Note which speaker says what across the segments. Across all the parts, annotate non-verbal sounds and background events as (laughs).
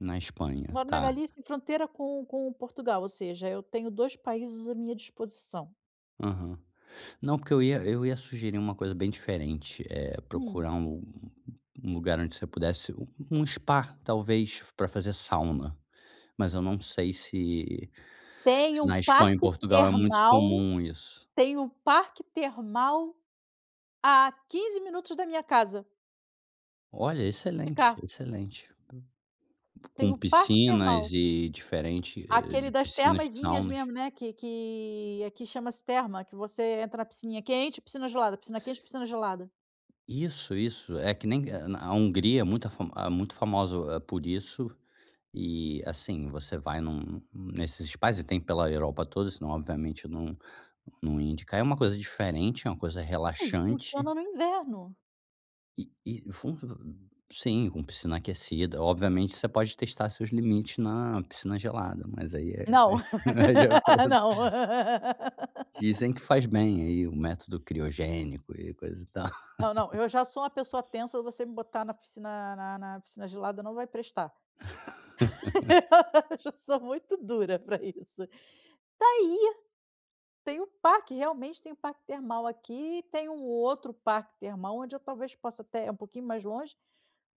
Speaker 1: Na Espanha,
Speaker 2: Moro na
Speaker 1: tá.
Speaker 2: Galícia em fronteira com com Portugal, ou seja, eu tenho 2 países à minha disposição.
Speaker 1: Aham. Não, porque eu ia eu ia sugerir uma coisa bem diferente: eh,
Speaker 2: Hum.
Speaker 1: procurar um um lugar onde você pudesse um um spa, talvez, para fazer sauna, mas eu não sei se
Speaker 2: Tem
Speaker 1: se
Speaker 2: um
Speaker 1: na Espanha e
Speaker 2: parque
Speaker 1: Portugal é muito
Speaker 2: termal
Speaker 1: comum isso.
Speaker 2: tem um parque termal a 15 minutos da minha casa.
Speaker 1: Olha!
Speaker 2: De
Speaker 1: Excelente,
Speaker 2: cá.
Speaker 1: excelente.
Speaker 2: Tem
Speaker 1: Com
Speaker 2: um parque
Speaker 1: piscinas
Speaker 2: termal.
Speaker 1: e diferente, eh, de
Speaker 2: Aquele das
Speaker 1: piscinas,
Speaker 2: termazinhas
Speaker 1: saunas.
Speaker 2: mesmo, né, que que aqui chama-se terma, que você entra na piscininha quente e piscina gelada, piscina quente e piscina gelada.
Speaker 1: Isso, isso. É que nem eh, na a Hungria é muita afam ah, muito famosa, eh, por isso e, assim, você vai num num nesses spas e tem pela Europa toda, senão, obviamente, não não ia indicar. É uma coisa diferente, é uma coisa
Speaker 2: Ei, funciona
Speaker 1: relaxante.
Speaker 2: no inverno.
Speaker 1: E e fun (unintelligible) sim, com piscina aquecida, obviamente você pode testar seus limites na piscina gelada, mas aí é
Speaker 2: Não.
Speaker 1: é (laughs) de
Speaker 2: (laughs)
Speaker 1: acordo.
Speaker 2: Não.
Speaker 1: Dizem que faz bem, aí, o método criogênico e coisa e tal.
Speaker 2: Não, não. Eu
Speaker 1: (laughs)
Speaker 2: já sou uma pessoa tensa, você me botar na piscina na na piscina gelada não vai prestar.
Speaker 1: (laughs)
Speaker 2: (laughs) Eu já sou muito dura pra isso. Tá aí! Tem o parque, realmente tem o parque termal aqui, tem um outro parque termal onde eu talvez possa até um pouquinho mais longe,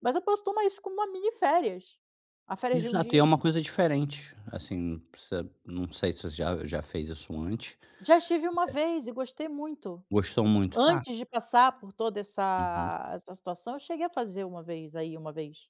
Speaker 2: mas eu posso tomar isso como uma mini férias, a férias de 1
Speaker 1: Exato, e é
Speaker 2: dia.
Speaker 1: uma coisa diferente, assim, perceb não sei se você já já fez isso antes.
Speaker 2: Já estive 1
Speaker 1: Eh
Speaker 2: vez e gostei muito.
Speaker 1: Gostou muito. Tá.
Speaker 2: Antes de passar por toda
Speaker 1: Uhum.
Speaker 2: essa essa situação, eu cheguei a fazer 1 vez, aí, 1 vez.